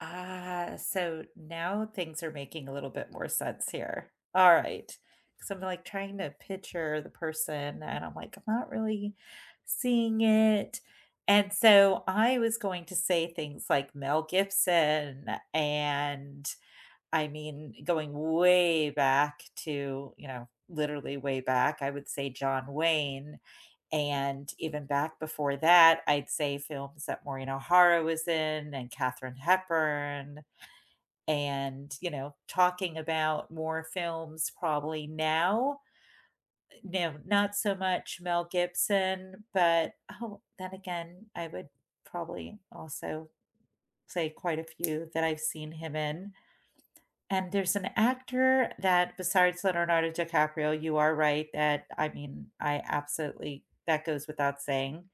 Ah, so now things are making a little bit more sense here. Alright, so I'm like trying to picture the person and I'm like, "I'm not really seeing it," and so I was going to say things like, Mel Gibson and, I mean, going way back to, you know, literally way back, I would say John Wayne and even back before that, I'd say films that Maureen O'Hara was in and Katharine Hepburn. And, you know, talking about more films probably now. Eh, no, not so much Mel Gibson, but, oh, then again, I would probably also say quite a few that I've seen him in, and there's an actor that besides Leonardo DiCaprio,- you are right that I mean, I absolutely that goes without saying.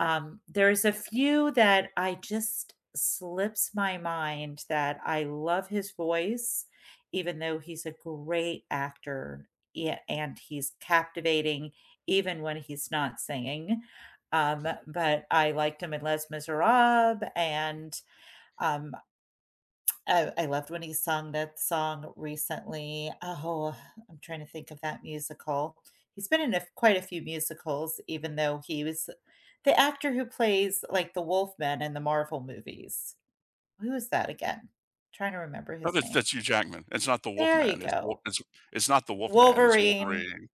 Um, there's a few that I just slips my mind that I love his voice, even though he's a great actor, yeah, and he's captivating even when he's not singing, um, but I liked him in Les Misérables and, um oh, I loved when he sung that song recently, oh, I'm trying to think of that musical. He's been in a f quite a few musicals, even though he was the actor who plays like the wolfman in the Marvel movies. Who is that again? Trying to remember Oh, his that's name. that's Hugh Jackman. It's not the wolf There you man. It's w go. it's it's not the wolf man. It's Wolverine Wolverine.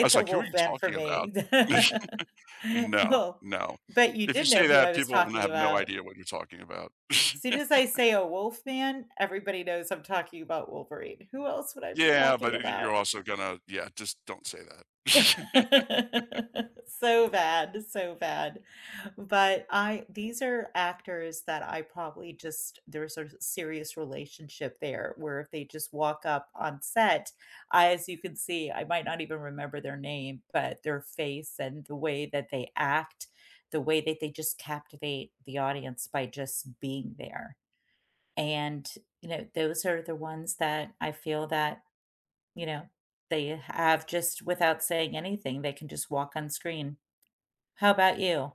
I was a like, “who are wolf you man for talking about?” me. No, Oh, no, but you if you did know say who I that, was people will talking have no about. idea what you're talking about. Soon as I say a wolf man, everybody knows I'm talking about Wolverine, who else would I be Yeah, but talking y about? you're also gonna yeah, just don't say that. So bad, so bad, but I these are actors that I probably just there's a serious relationship there where if they just walk up on set, I as you can see, I might not even remember their name, but their face and the way that they act, the way that they just captivate the audience by just being there. And, you know, those are the ones that I feel that, you know, they have just without saying anything, they can just walk on screen. How about you?